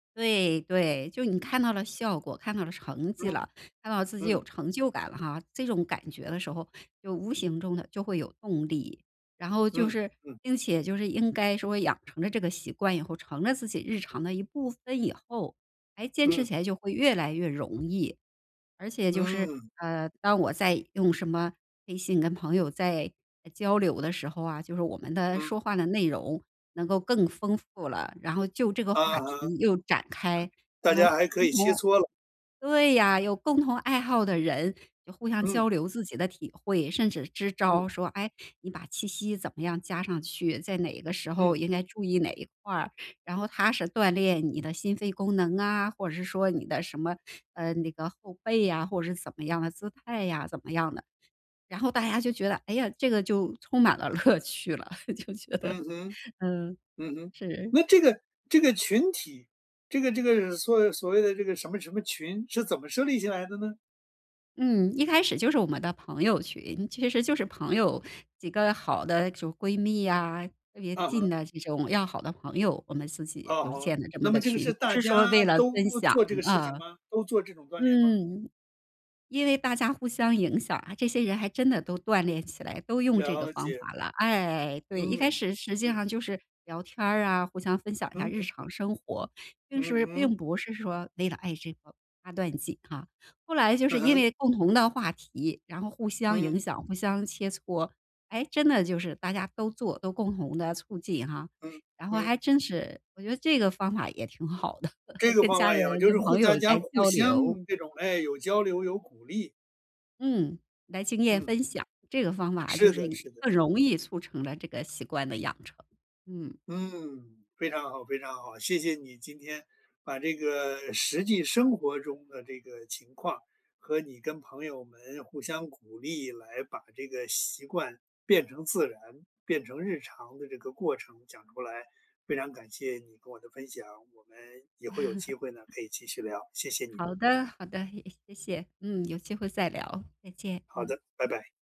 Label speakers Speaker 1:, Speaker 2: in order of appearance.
Speaker 1: 对对，就你
Speaker 2: 嗯。
Speaker 1: 看到了效果，看到了成绩
Speaker 2: 嗯。
Speaker 1: 了，看到自己有
Speaker 2: 嗯。
Speaker 1: 成就感了哈，这种感觉的时候，就无形中地就会有动力。然后就
Speaker 2: 嗯
Speaker 1: 是
Speaker 2: 嗯。
Speaker 1: 并且就是应该说养成了这个习惯以后，成了自己日常的一部分以后，还坚持
Speaker 2: 嗯。
Speaker 1: 起来就会越来越容易。而且就是，
Speaker 2: 嗯。
Speaker 1: 呃，当我在用什么微信跟朋友在交流的时候啊，就是我们的
Speaker 2: 嗯。
Speaker 1: 说话的内容能够更丰富了，然后就这个话
Speaker 2: 嗯哼。
Speaker 1: 题又展开。
Speaker 2: 大
Speaker 1: 然后
Speaker 2: 家还可以切
Speaker 1: [unintelligible]
Speaker 2: 磋了。
Speaker 1: 对呀，有共同爱好的人就互相
Speaker 2: 嗯。
Speaker 1: 交流自己的体会，甚至支招
Speaker 2: 嗯。
Speaker 1: 儿，说：“哎，你把气息怎么样加上去，在哪个时候
Speaker 2: 嗯。
Speaker 1: 应该注意哪一块儿，然后它是锻炼你的心肺功能啊，或者是说你的什么呃，那个后背啊，或者是怎么样的姿态呀，怎么样的。”然后大家就觉得哎呀，这个就充满了乐趣了，就觉得
Speaker 2: 嗯哼，
Speaker 1: 嗯，
Speaker 2: 嗯哼。
Speaker 1: 是。
Speaker 2: 那这个这个群体，这个这个所所谓的这个什么什么群是怎么设立起来的呢？
Speaker 1: 嗯，一开始就是我们的朋友群，其实就是朋友，几个好的主闺蜜呀，特别
Speaker 2: 嗯
Speaker 1: 近
Speaker 2: 哼。
Speaker 1: 的这种要好的朋友，我们自己
Speaker 2: 啊
Speaker 1: 就
Speaker 2: 哼，
Speaker 1: 建了这么
Speaker 2: 那么
Speaker 1: 个
Speaker 2: 这个
Speaker 1: 群，
Speaker 2: 是
Speaker 1: 不
Speaker 2: 大
Speaker 1: 是说
Speaker 2: 家
Speaker 1: 为了
Speaker 2: 都
Speaker 1: 分享，
Speaker 2: 做这个事
Speaker 1: 啊。
Speaker 2: 情吗？都做这种锻炼吗？
Speaker 1: 嗯。因为大家互相影响啊，这些人还真的都锻炼起来，都用这个
Speaker 2: 了
Speaker 1: 方
Speaker 2: 解。
Speaker 1: 法了。哎，对，一开
Speaker 2: 嗯，
Speaker 1: 始实际
Speaker 2: 嗯。
Speaker 1: 上就是聊天儿啊，互相分享一下
Speaker 2: 嗯
Speaker 1: 日
Speaker 2: 嗯
Speaker 1: 常
Speaker 2: 嗯。
Speaker 1: 生活，并
Speaker 2: 嗯
Speaker 1: 是并
Speaker 2: 哼。
Speaker 1: 不是说为了爱这个八段锦啊。后来就
Speaker 2: 嗯
Speaker 1: 是因
Speaker 2: 哼。
Speaker 1: 为共同的话题，然后互相影
Speaker 2: 嗯。
Speaker 1: 响，互相切磋。哎，真的就是大家都做都共同地促进啊，
Speaker 2: 嗯
Speaker 1: 然后
Speaker 2: 嗯。
Speaker 1: 还真是我觉得这个方法也挺好的，
Speaker 2: 这个
Speaker 1: 跟
Speaker 2: 方
Speaker 1: 家
Speaker 2: 法
Speaker 1: 人、
Speaker 2: 也好，就是
Speaker 1: 跟
Speaker 2: 互
Speaker 1: 朋友
Speaker 2: 相加
Speaker 1: 来
Speaker 2: 互
Speaker 1: 交
Speaker 2: 相
Speaker 1: 流。
Speaker 2: 这种，哎，有交流、有鼓励。
Speaker 1: 嗯，来经验
Speaker 2: 嗯。
Speaker 1: 分享。这个方法
Speaker 2: 是
Speaker 1: 就
Speaker 2: 的
Speaker 1: 是
Speaker 2: 是的。
Speaker 1: 更容易促成了这个习惯的养成，嗯。
Speaker 2: 嗯，非常好非常好。谢谢你今天把这个实际生活中的这个情况，和你跟朋友们互相鼓励来把这个习惯变成自然、变成日常的这个过程讲出来。非常感谢你跟我的分享，我们也会有机会呢，可以继续聊，谢谢你。
Speaker 1: 好的好的，也谢谢。嗯，有机会再聊。再见，
Speaker 2: 好
Speaker 1: 嗯。
Speaker 2: 的，拜拜。